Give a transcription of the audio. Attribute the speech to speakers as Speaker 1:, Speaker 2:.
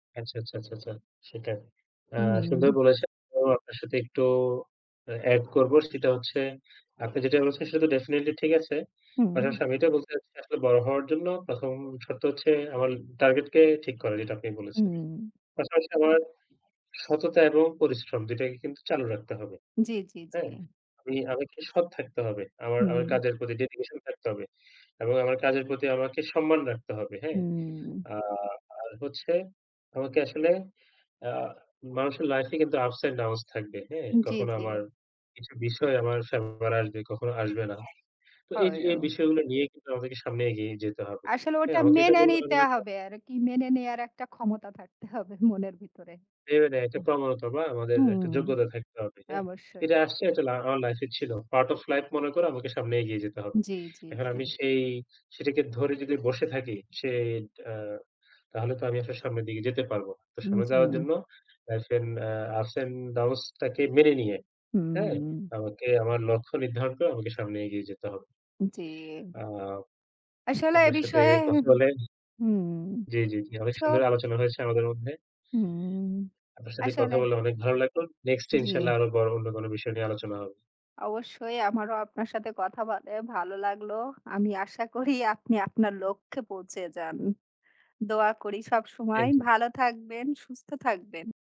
Speaker 1: আচ্ছা, আচ্ছা, আচ্ছা, আচ্ছা। সেটাই। আ সুন্দর
Speaker 2: উম।
Speaker 1: বলেছেন এম আপনার সাথে একটু আ এড করবো। সেটা হচ্ছে আপনি যেটা বলছেন সেটা তো definitely ঠিক আছে।
Speaker 2: হুম।
Speaker 1: পাশাপাশি আমি এটা বলতে চাইছি আসলে বড় হওয়ার জন্য ১ম শর্ত হচ্ছে আমার target কে ঠিক করা, যেটা আপনি বলেছেন।
Speaker 2: হুম।
Speaker 1: পাশাপাশি আমার সততা এবং পরিশ্রম, দুইটাকেই কিন্তু চালু রাখতে হবে।
Speaker 2: জ্বী, জ্বী,
Speaker 1: হ্যাঁ?
Speaker 2: জ্বী।
Speaker 1: আমি আমাকে সৎ থাকতে হবে। আমার আমার
Speaker 2: হুম।
Speaker 1: কাজের প্রতি dedication থাকতে হবে। এবং আমার কাজের প্রতি আমাকে সম্মান রাখতে হবে। হ্যাঁ।
Speaker 2: হুম।
Speaker 1: আর আর হচ্ছে আমাকে আসলে আ মানুষের লাইফে কিন্তু ups and downs থাকবে। হ্যাঁ।
Speaker 2: উ জ্বী,
Speaker 1: কখনো
Speaker 2: জ্বী।
Speaker 1: আমার কিছু বিষয় আমার [unintelligible] আসবে, কখনো আসবে না। তো এই
Speaker 2: হয়ও।
Speaker 1: এই বিষয়গুলো নিয়ে কিন্তু আমাদের সামনে এগিয়ে যেতে হবে।
Speaker 2: আসলে
Speaker 1: হ্যাঁ,
Speaker 2: ওটা
Speaker 1: আমাকে এটা
Speaker 2: মেনে
Speaker 1: বলতে হবে
Speaker 2: নিতে
Speaker 1: না যে [unintelligible]
Speaker 2: হবে আরকি। মেনে নেয়ার একটা ক্ষমতা থাকতে হবে মনের ভিতরে।
Speaker 1: [unintelligible] একটা প্রবনতা বা আমাদের একটা
Speaker 2: হুম,
Speaker 1: যোগ্যতা থাকতে হবে। হ্যাঁ?
Speaker 2: অবশ্যই।
Speaker 1: এটা আসছে একটা লা আ আমার লাইফে ছিল। Part of life মনে করে আমাকে সামনে এগিয়ে যেতে হবে।
Speaker 2: জ্বী, জ্বী,
Speaker 1: এখন
Speaker 2: জ্বী।
Speaker 1: আমি সেই সেটাকে ধরে যদি বসে থাকি, সে তা তাহলে তো আমি আসলে সামনের দিকে যেতে পারবো। তো
Speaker 2: উ
Speaker 1: সামনে যাওয়ার
Speaker 2: জী।
Speaker 1: জন্য লাইফে আ ups and downs টাকে মেনে নিয়ে, হ্যাঁ?
Speaker 2: হুম।
Speaker 1: আমাকে আমার লক্ষ্য নির্ধারণ করে আমাকে সামনে এগিয়ে যেতে হবে।
Speaker 2: জ্বী।
Speaker 1: আ
Speaker 2: আসলে এ
Speaker 1: আপনার সাথে
Speaker 2: বিষয়ে হু,
Speaker 1: কথা
Speaker 2: হু।
Speaker 1: বলে
Speaker 2: হুম।
Speaker 1: জ্বী, জ্বী, জ্বী। অনেক সুন্দর
Speaker 2: সত
Speaker 1: আলোচনা হয়েছে আমাদের মধ্যে।
Speaker 2: হুম,
Speaker 1: আপনার সাথে কথা
Speaker 2: আসলে
Speaker 1: বলে অনেক ভালো লাগলো। Next এ
Speaker 2: জ্বী।
Speaker 1: ইনশাআল্লাহ আরো অর অন্য কোন বিষয় নিয়ে আলোচনা হবে।
Speaker 2: অবশ্যই। আমারও আপনার সাথে কথা বলে ভালো লাগলো। আমি আশা করি আপনি আপনার লক্ষ্যে পৌঁছে যান। দোয়া করি সবসময়
Speaker 1: থ্যাংক ইউ।
Speaker 2: ভালো থাকবেন, সুস্থ থাকবেন।